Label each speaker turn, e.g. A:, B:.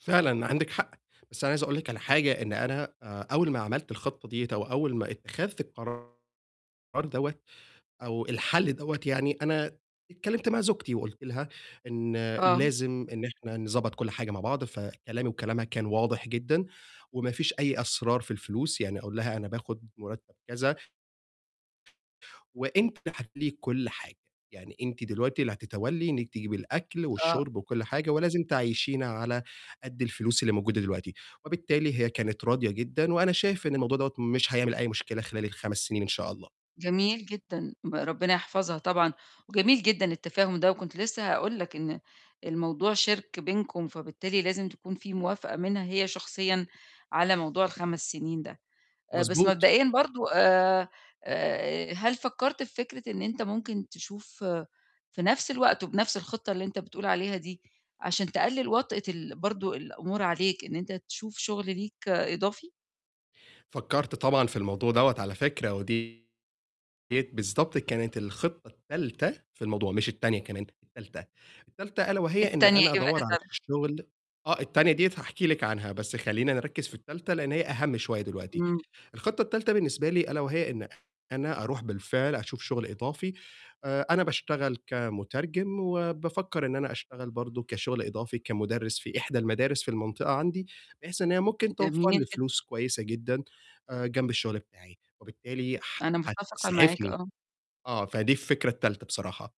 A: فعلًا عندِك حق، بس أنا عايز أقول لِك على حاجة، إن أنا آآ، أول ما عملت الخطة ديّة أو أول ما اتخذت القرار دوَّة أو الحَلّ دوَّة يعني، أنا اتكلّمت مع زوجتي وقُلت لها إن
B: آه.
A: لازم إن إحنا نضبّط كل حاجة مع بعض، فكلامي وكلامها كان واضح جدًا، وما فيش أي أسرار في الفلوس، يعني أقول لها أنا باخد مُرتب كذا وأنتِ هتتوّلي كُلّ حاجة، يعني أنتِ دلوقتي اللي هتتوّلي إنِّك تجيبي الأكل
B: آه.
A: والشُرب وكُلّ حاجة، ولازم تعيّشينا على قد الفلوس اللي موجودة دلوقتي، وبالتالي هي كانت راضية جدًا، وأنا شايف إن الموضوع دوَّة مش هيعمل أي مشكلة خلال ال5 سنين إن شاء الله.
B: جميل جدًا، ربنا يحفظها طبعًا وجميل جدًا التفاهم ده، وكنت لسه هاقول لك إن الموضوع شِرك بينكم، فبالتالي لازم تكون في موافقة منها هي شخصيًا على موضوع ال5 سنين ده، بس
A: مضبوط.
B: مبدئيًا برضه آآ، آآ، هل فكّرت في فكرة إن أنت ممكن تشوف في نفْس الوقت وبنفْس الخِطّة اللي أنت بتقول عليها دي، عشان تقلِّل وطأة ال برضه الأمور عليك، إن أنت تشوف شغل ليك إضافي؟
A: فكّرت طبعًا في الموضوع دوَّة على فكرة، ودي ديَّة بالضبط كانت الخطة التالتة في الموضوع، مش التانية كمان، التالتة، التالتة ألا وهي إن
B: التانية
A: أنا
B: إيه بقى
A: أدوّر
B: يا
A: على
B: ترى؟
A: شغل آه، التانية ديَّة هاحكي لِك عنها، بس خلّينا نركِّز في التالتة لإن هي أهَم شوية دلوقتي.
B: إمم.
A: الخطة التالتة بالنسبة لي ألا وهي إن أنا أرُوح بالفعل أشوف شغل إضافي، آآ، أنا باشتغل كمترجم، وبافكّر إن أنا أشتغل برضه كشغل إضافي، كمُدرِّس في إحدى المدارس في المنطقة عندي، بحيث إن هي ممكن توفّر
B: جميل
A: لي
B: جدًا.
A: فلوس كويسة جدًا آآ، جنب الشغل بتاعي، وبالتالي
B: أنا متفقة معاك،
A: هتسعفني،
B: آه.
A: آه، فدي الفكرة التالتة بصراحة.